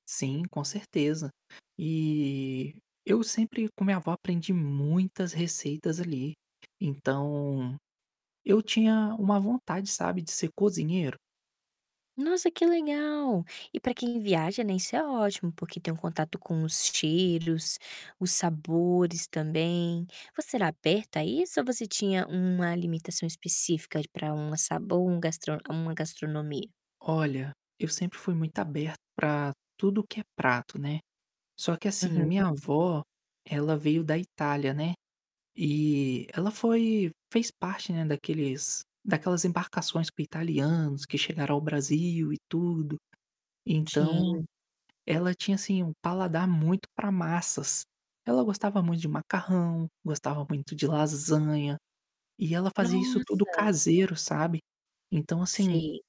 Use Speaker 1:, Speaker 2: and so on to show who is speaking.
Speaker 1: Sim, com certeza. E eu sempre, com minha avó, aprendi muitas receitas ali. Então, eu tinha uma vontade, sabe, de ser cozinheiro.
Speaker 2: Nossa, que legal! E para quem viaja, né, isso é ótimo, porque tem um contato com os estilos, os sabores também. Você era aberto a isso ou você tinha uma alimentação específica de pra uma sabor um gastro uma gastronomia?
Speaker 1: Olha, eu sempre fui muito aberto pra tudo que é prato, né. Só que, assim, minha
Speaker 2: Uhum.
Speaker 1: avó, ela veio da Itália, né, e ela foi fez parte, né, daqueles daquelas embarcações com italianos que chegaram ao Brasil e tudo. Então,
Speaker 2: Sim.
Speaker 1: ela tinha, assim, um paladar muito pra massas. Ela gostava muito de macarrão, gostava muito de lasanha, e ela fazia isso tudo
Speaker 2: Nossa.
Speaker 1: caseiro, sabe. Então, assim
Speaker 2: Sim.